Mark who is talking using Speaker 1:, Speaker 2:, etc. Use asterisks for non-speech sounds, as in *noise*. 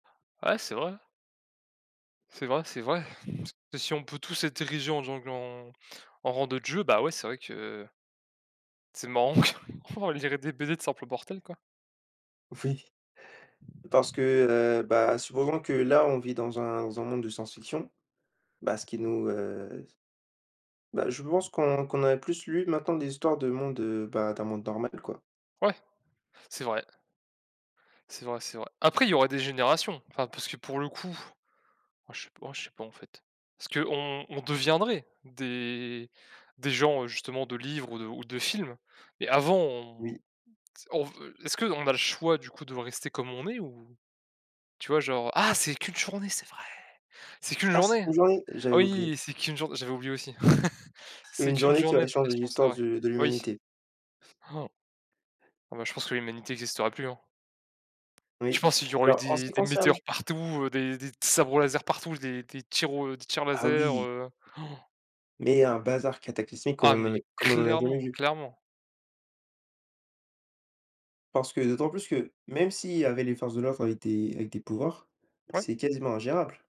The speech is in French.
Speaker 1: Ouais c'est vrai. C'est vrai, c'est vrai. Si on peut tous être érigés en gens gle en en rang de dieu, ben, ouais, c'est vrai que c'est marrant, *chuckles* on dirait des BD de simples mortels quoi.
Speaker 2: Oui, parce que, heu, bah, supposons que là on vit dans un dans un monde de science-fiction. Bah, ce qui nous, heu bah je pense qu'on qu'on a plus lu maintenant des histoires de monde, heu, ben d'un monde normal quoi.
Speaker 1: Ouais. C'est vrai. C'est vrai, c'est vrai. Après il y aura des générations, enfin parce que pour le coup, enfin je sais pas, en je sais pas en fait. Est-ce qu'on on deviendrait des des gens, heu, justement de livres ou de ou de films, mais avant, on t
Speaker 2: Oui.
Speaker 1: on ve est-ce qu'on a le choix du coup de voir rester comme on est ou? Tu vois genre ah, c'est qu'1 journée, c'est vrai! C'est qu'1
Speaker 2: Ah c'est
Speaker 1: journée.
Speaker 2: 1 journée,
Speaker 1: Ah
Speaker 2: j'avais oublié.
Speaker 1: oui, c'est qu'1 jour j'avais oublié aussi. *chuckles* C'est
Speaker 2: 1
Speaker 1: qu'1
Speaker 2: journée qui va
Speaker 1: journée ta
Speaker 2: changer
Speaker 1: question, c'est
Speaker 2: l'histoire
Speaker 1: vrai.
Speaker 2: de de
Speaker 1: Oui.
Speaker 2: l'humanité.
Speaker 1: *gasps* Bon, ben, je pense que l'humanité existerait plus hein?
Speaker 2: Oui,
Speaker 1: Je pense, il y aurait eu
Speaker 2: alors en ce
Speaker 1: des
Speaker 2: qui
Speaker 1: des météores
Speaker 2: concerne
Speaker 1: partout, heu, des des t sabres laser partout, des des tirs au des tirs
Speaker 2: Ah,
Speaker 1: laser,
Speaker 2: oui.
Speaker 1: heu *gasps*
Speaker 2: Mais un bazar cataclysmique, comme
Speaker 1: Ah,
Speaker 2: on n'a eu
Speaker 1: mais
Speaker 2: comme on en a jamais
Speaker 1: clairement,
Speaker 2: vu.
Speaker 1: clairement.
Speaker 2: Parce que d'autant plus que, même s'il y avait les forces de l'ordre avec des avec des pouvoirs,
Speaker 1: Ouais.
Speaker 2: c'est quasiment ingérable.